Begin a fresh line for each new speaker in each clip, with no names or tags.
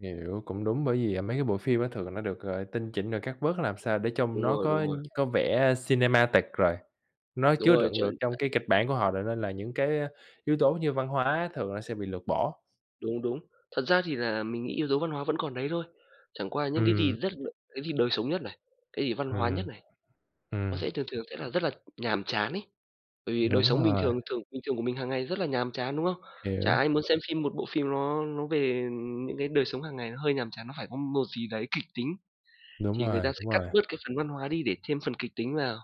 Hiểu, cũng đúng bởi vì, à, mấy cái bộ phim á thường nó được gọi tinh chỉnh rồi cắt bớt làm sao để trông
Đúng
nó
rồi, đúng
có
rồi.
có vẻ cinematic rồi, nó
Đúng
chứa
rồi,
đựng
chuẩn
được trong
[unintelligible]
cái kịch bản của họ rồi nên là những cái á yếu tố như văn hóa thường nó sẽ bị lược bỏ.
Đúng, đúng. Thật ra thì là mình nghĩ yếu tố văn hóa vẫn còn đấy thôi, chẳng qua những cái gì
Ừm.
rất đ cái gì đời sống nhất này, cái gì văn hóa nhất
Ừm.
này nó
Ừm.
sẽ thường thường sẽ là rất là nhàm chán ấy. Bởi vì đời
Đúng
sống bình
rồi.
thường thường bình thường của mình hàng ngày rất là nhàm chán, đúng không? Chả
Hiểu.
ai muốn xem phim một bộ phim nó nó về, ừm, những cái đời sống hàng ngày, nó hơi nhàm chán, nó phải có một gì đấy kịch tính.
Đúng
Thì người ta
rồi,
sẽ
đúng
cắt
rồi.
bớt cái phần văn hóa đi để chêm phần kịch tính vào,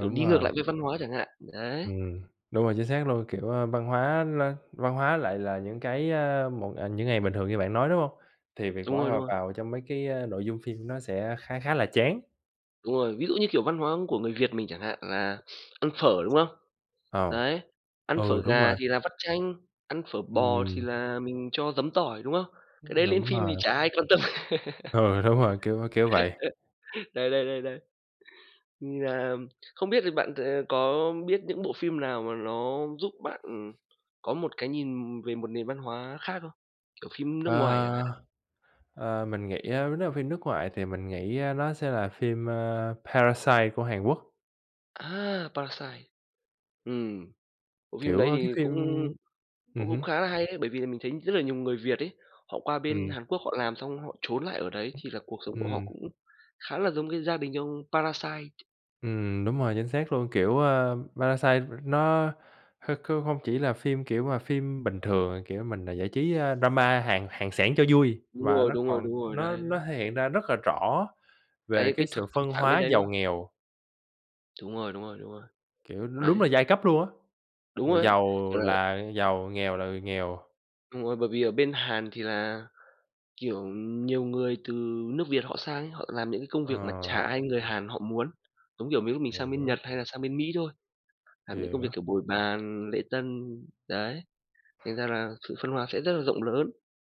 kiểu, đi ngược
rồi.
lại với văn hóa chẳng hạn, đấy.
Ừm, đúng rồi, chính xác luôn, kiểu, a, văn hóa nó văn hóa lại là những cái, a, một, à những ngày bình thường như bạn nói, đúng hông? Thì việc
Đúng
bỏ
rồi, đúng
họp
rồi.
vào trong mấy cái, a, nội dung phim nó sẽ khá khá là chán.
Đúng rồi, ví dụ như, kiểu, văn hóa của người Việt mình chẳng hạn là ăn phở, đúng không?
Ờ.
Đấy, ăn
Ừ,
phở
đúng
gà
rồi.
thì là vắt chanh, ăn phở bò thì
Ừm.
là mình cho giấm tỏi, đúng không? Cái
Ưm,
đấy lên
đúng
phim thì
rồi.
chả ai quan tâm.
Ừ, đúng rồi, kiểu kiểu vậy.
Đấy, đấy, đấy, đấy. Thì, à, không biết thì bạn t có biết những bộ phim nào mà nó giúp bạn, ừm, có một cái nhìn về một nền văn hóa khác không? Kiểu, phim nước ngoài chẳng hạn.
Ơ, ờ, mình nghĩ á nếu là phim nước ngoài thì mình nghĩ, a, nó sẽ là phim, a, Parasite của Hàn Quốc.
À, Parasite. Ừm, bộ phim
Kiểu,
đấy
ơ, cái
thì
phim
cũng
ừm
cũng
hứm.
khá là hay đấy, bởi vì là mình thấy rất là nhiều người Việt ấy, họ qua bên
Ừm.
Hàn Quốc họ làm xong họ trốn lại ở đấy thì là cuộc sống của họ
Ừm.
cũng khá là giống cái gia đình ông Parasite.
Ừm, đúng rồi, chính xác luôn, kiểu, a, Parasite, ừm, nó kh kh không chỉ là phim, kiểu mà, phim bình thường, à, kiểu, mình, à, giải trí, a, drama Hàn Hàn xẻng cho vui
Đúng
và
rồi,
nó
đúng rồi,
còn
đúng rồi,
nó
đấy, đấy.
nó thể hiện ra rất là rõ về
Cái
cái
cái thực
sự
thực
phân
trạng bên
hóa
đấy, đúng
giàu
không?
nghèo.
Đúng rồi, đúng rồi, đúng rồi.
Kiểu, đúng là
Đấy.
giai cấp luôn á,
Đúng
người
rồi đấy,
giàu
kiểu là
là giàu, nghèo là người nghèo.
Đúng rồi, bởi vì ở bên Hàn thì là, kiểu, nhiều người từ nước Việt họ sang ấy, họ làm những cái công việc mà
Ờ.
chả ai người Hàn họ muốn. Giống kiểu mấy ông mình sang bên
Hiểu.
Nhật hay là sang bên Mỹ thôi, làm những công việc
Hiểu.
kiểu bồi bàn, lễ tân, đấy, thành ra là sự phân hóa sẽ rất là rộng lớn.